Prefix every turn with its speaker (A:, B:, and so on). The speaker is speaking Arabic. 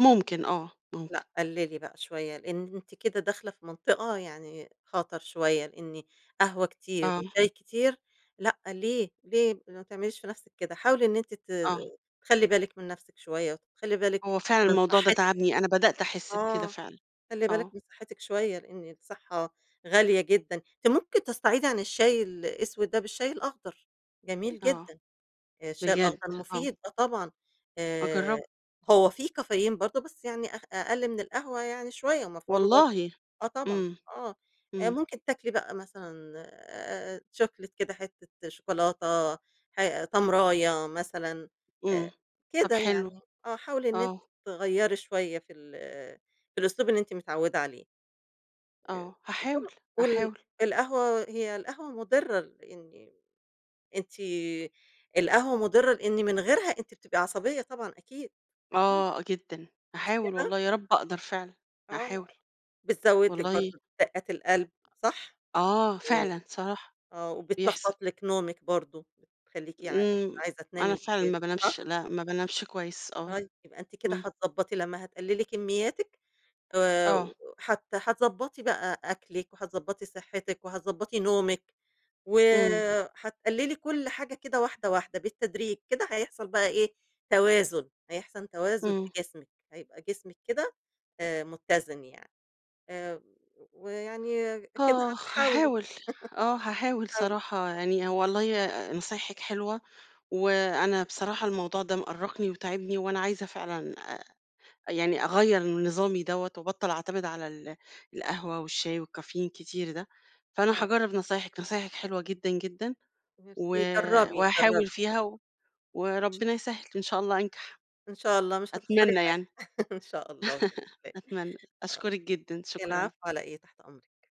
A: ممكن آه. ممكن.
B: لأ قلِّلي بقى شوية، لإن أنتِ كده داخلة في منطقة يعني خطَر شوية، لإن قهوة كتير
A: آه.
B: وشاي كتير لأ ليه، ليه؟ ما تعمليش في نفسِك كده. حاولي إن أنتِ ت
A: آه.
B: تخلّي بالِك من نفسِك شوية وتخلّي بالِك
A: هو فعلًا
B: من
A: الموضوع ده
B: صحّتِك.
A: تَعبني، أنا بدأت أحس بكده
B: آه.
A: فعلًا
B: خلّي بالِك
A: آه.
B: من صحّتِك شوية، لإن الصحّة غالية جدًا. أنتِ ممكن تستعيضي عن الشاي الأسود ده بالشاي الأخضر، جميل
A: آه.
B: جدًا. الشاي
A: بجد؟
B: الأخضر
A: آه.
B: مفيد آه طبعًا. آآ
A: أجرّب
B: هو فيه كافيين برضه بس يعني أ أقَل من القهوة يعني شوية، ومفعوله بر
A: والله؟!
B: آه طبعًا،
A: إمم.
B: آه. أ
A: إمم.
B: ممكن تاكلي بقى مثلًا أ chocolate كده حتّة شوكولاتة، ح تمراية مثلًا أ
A: إمم. طب
B: كده
A: حلو.
B: يعني. آه حاولي إن أنتِ
A: آه.
B: تغيّري شوية في ال في الأسلوب اللي أنتِ متعوِّدة عليه. أ
A: آه. هاحاول،
B: [unintelligible] وال
A: أحاول.
B: القهوة، هي القهوة مُضرّة لإن أنتِ القهوة مُضرّة لإن من غيرها أنتِ بتبقي عصبية طبعًا أكيد، أكيد.
A: آه جدًا.
B: مش
A: هاحاول
B: كده؟
A: والله يا رب أقدر فعلًا
B: آه.
A: هاحاول.
B: بتزوّد لِك
A: والله
B: برضه دقّات القلب صح؟
A: آه،
B: اي
A: فعلًا صراحة
B: آه.
A: بيحصل.
B: وبتلخبط لِك نومِك برضه بتخلّيكِ ع مش
A: إمم.
B: عايزة
A: أنا
B: تنامي
A: فعلًا
B: بالليل
A: ما بانامش،
B: صح؟
A: لأ ما بانامش كويس آه.
B: طيب، يبقى أنتِ كده
A: إمم.
B: هتضبّطِي لمّا هتقلِّلي كمّياتِك آآ
A: آه.
B: و وهت هتضبّطِي بقى أكلِك وهتضبّطِي صحّتِك وهتضبّطِي نومِك.
A: إمم.
B: وهتقلِّلي كل حاجة كده واحدة، واحدة بالتدريج. كده هيحصل بقى إيه، توازن. هيحصل توازن في
A: إمم.
B: جسمِك. هيبقى جسمِك كده آآ مُتّزِن يعني. آآ ويعني كده
A: آخ!
B: هتحاولي.
A: هاحاول. آه هاحاول
B: هتحاولي.
A: صراحة يعني والله أ نصايحِك حلوة وأنا بصراحة الموضوع ده مأرّقني وتاعبني وأنا عايزة فعلًا أ يعني أغيَّر من نظامي دوّة وأبطَّل أعتمد على ال القهوة والشاي والكافيين كتير ده. فأنا
B: آه.
A: هاجرّب نصايحِك، نصايحِك حلوة جدًا، جدًا. و
B: ميرسي، جرّبي، جرّبي.
A: وهاحاول فيها و وربنا يسهّل إن شاء الله أنجَح،
B: إن شاء الله مش هتخسري
A: أتمنى
B: حاجة
A: يعني.
B: إن شاء الله [unintelligible] آه.
A: أتمنى. أشكُرِك جدًا، شكرًا.
B: العفو على إيه؟ تحت أمرِك.